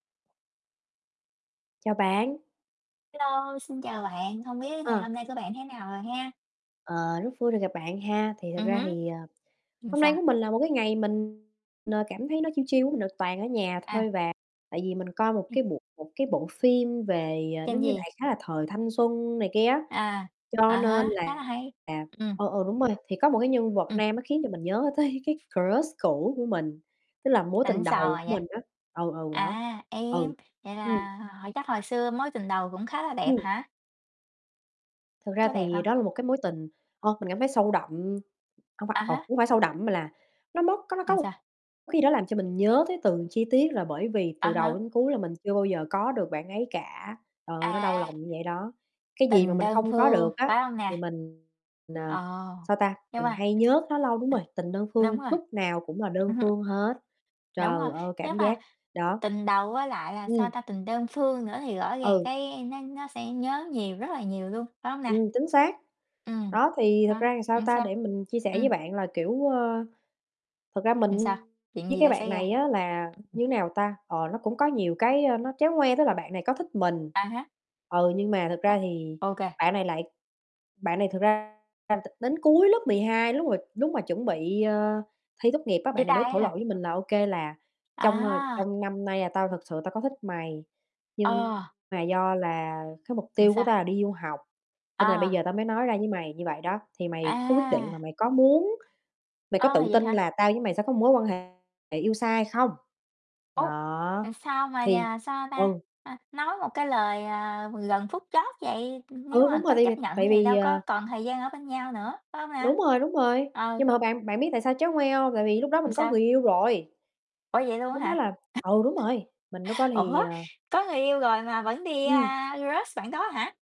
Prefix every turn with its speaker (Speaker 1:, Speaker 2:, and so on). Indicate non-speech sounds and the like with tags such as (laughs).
Speaker 1: Chào bạn.
Speaker 2: Hello, xin chào bạn, hông biết ngày
Speaker 1: Ờ.
Speaker 2: hôm nay của bạn thế nào rồi ha?
Speaker 1: Ờ, rất vui được gặp bạn ha. Thì thật
Speaker 2: Ừm
Speaker 1: ra
Speaker 2: hứm.
Speaker 1: thì, à,
Speaker 2: Ừm,
Speaker 1: hôm nay
Speaker 2: sao?
Speaker 1: của mình là một cái ngày mình, ờ, cảm thấy nó chill chill á, mình đều toàn ở nhà thôi,
Speaker 2: À.
Speaker 1: và tại vì mình coi một cái bộ một cái bộ phim về, à, nó
Speaker 2: Tên
Speaker 1: như
Speaker 2: gì?
Speaker 1: đại khái là thời thanh xuân này kia á,
Speaker 2: À, à
Speaker 1: cho nên
Speaker 2: há, khá là
Speaker 1: là
Speaker 2: hay, ừm.
Speaker 1: ừ, ừ, đúng rồi. Thì có một cái nhân vật
Speaker 2: Ừm.
Speaker 1: nam nó khiến cho mình nhớ tới cái crush cũ của mình, tức là mối tình
Speaker 2: Xịn sò
Speaker 1: đầu của
Speaker 2: vậy.
Speaker 1: mình á, ừ, ừ, đó,
Speaker 2: À, ê,
Speaker 1: ừ,
Speaker 2: vậy
Speaker 1: ừm.
Speaker 2: là hồi chắc hồi xưa mối tình đầu cũng khá là đẹp
Speaker 1: Ừm.
Speaker 2: hả?
Speaker 1: Thực ra
Speaker 2: Có đẹp
Speaker 1: thì
Speaker 2: hông?
Speaker 1: đó là một cái mối tình, ơ, mình cảm thấy sâu đậm, hông phải
Speaker 2: À
Speaker 1: ồ,
Speaker 2: há.
Speaker 1: hông phải sâu đậm mà là nó móc có có
Speaker 2: Ừm,
Speaker 1: một
Speaker 2: sao?
Speaker 1: khi đó làm cho mình nhớ tới từng chi tiết, là bởi vì
Speaker 2: À
Speaker 1: từ đầu
Speaker 2: há.
Speaker 1: đến cuối là mình chưa bao giờ có được bạn ấy cả, trời ơi, nó đau
Speaker 2: À.
Speaker 1: lòng như vậy đó. Cái gì mà
Speaker 2: Tình
Speaker 1: mình
Speaker 2: đơn
Speaker 1: không có
Speaker 2: phương,
Speaker 1: được á,
Speaker 2: phải hông
Speaker 1: thì
Speaker 2: nè?
Speaker 1: mình, ờ,
Speaker 2: Ờ,
Speaker 1: sao ta,
Speaker 2: nhưng
Speaker 1: mình
Speaker 2: mà
Speaker 1: hay nhớ nó lâu đúng rồi, tình đơn
Speaker 2: đúng
Speaker 1: phương
Speaker 2: rồi.
Speaker 1: lúc nào cũng là đơn
Speaker 2: Ừm hứm.
Speaker 1: phương hết.
Speaker 2: Đúng rồi,
Speaker 1: Trời ơi, cảm
Speaker 2: chắc là
Speaker 1: giác, đó,
Speaker 2: tình đầu với lại là, sao
Speaker 1: ừm.
Speaker 2: ta, tình đơn phương nữa thì rõ ràng
Speaker 1: Ừ.
Speaker 2: cái nó nó sẽ nhớ nhiều, rất là nhiều luôn, phải hông nè?
Speaker 1: Ừm, chính xác.
Speaker 2: Ừm,
Speaker 1: Đó, thì thực
Speaker 2: đó,
Speaker 1: ra thì, sao
Speaker 2: ừm,
Speaker 1: ta,
Speaker 2: sao?
Speaker 1: để mình chia sẻ với
Speaker 2: Ừm.
Speaker 1: bạn là, kiểu, ơ, thật ra
Speaker 2: Ừm,
Speaker 1: mình
Speaker 2: sao? Chuyện
Speaker 1: với
Speaker 2: gì
Speaker 1: cái
Speaker 2: đã
Speaker 1: bạn
Speaker 2: xảy ra?
Speaker 1: này á là, như thế nào ta, ờ, nó cũng có nhiều cái, a, nó tréo ngoe. Tức là bạn này có thích mình,
Speaker 2: À há.
Speaker 1: ừ, nhưng mà thực
Speaker 2: Ờ,
Speaker 1: ra thì
Speaker 2: ô kê.
Speaker 1: bạn này lại bạn này thực ra t đến cuối lớp 12, lúc mà lúc mà chuẩn bị, ờ, thi tốt nghiệp á,
Speaker 2: Chia
Speaker 1: bạn này mới
Speaker 2: tay á
Speaker 1: thổ lộ
Speaker 2: hả?
Speaker 1: với mình là: "OK, là trong, ờ,
Speaker 2: À!
Speaker 1: trong năm nay là tao thực sự tao có thích mày, nhưng
Speaker 2: Ờ.
Speaker 1: mà do là cái mục
Speaker 2: Ừm,
Speaker 1: tiêu của
Speaker 2: sao?
Speaker 1: tao là đi du học, cho nên là bây
Speaker 2: À.
Speaker 1: giờ tao mới nói ra với mày như vậy đó. Thì mày có quyết định là
Speaker 2: À!
Speaker 1: mày có muốn mày có
Speaker 2: Ờ,
Speaker 1: tự
Speaker 2: vậy
Speaker 1: tin
Speaker 2: hả?
Speaker 1: là tao với mày sẽ có một mối quan hệ yêu xa hay không?".
Speaker 2: Ô!
Speaker 1: Đó,
Speaker 2: Ờ, sao mà,
Speaker 1: thì
Speaker 2: à, sao ta,
Speaker 1: ừ.
Speaker 2: ơ, nói một cái lời, à, gần phút chót vậy, nếu
Speaker 1: Ừ,
Speaker 2: mà
Speaker 1: đúng rồi.
Speaker 2: có
Speaker 1: Tại vì
Speaker 2: chấp nhận
Speaker 1: tại
Speaker 2: thì
Speaker 1: vì,
Speaker 2: đâu có
Speaker 1: à
Speaker 2: còn thời gian ở bên nhau nữa, phải hông nè?
Speaker 1: Đúng rồi, đúng rồi.
Speaker 2: Ừ.
Speaker 1: Nhưng mà bạn bạn biết tại sao tréo ngoe hông? Tại vì lúc đó
Speaker 2: Ừm,
Speaker 1: mình có
Speaker 2: sao?
Speaker 1: người yêu rồi.
Speaker 2: Ủa vậy luôn
Speaker 1: Lúc
Speaker 2: á
Speaker 1: đó
Speaker 2: hả?
Speaker 1: là ừ, đúng rồi, mình lúc đó
Speaker 2: (laughs)
Speaker 1: thì,
Speaker 2: Ủa,
Speaker 1: à
Speaker 2: có người yêu rồi mà vẫn đi,
Speaker 1: Ừm.
Speaker 2: a, crush bạn đó hả?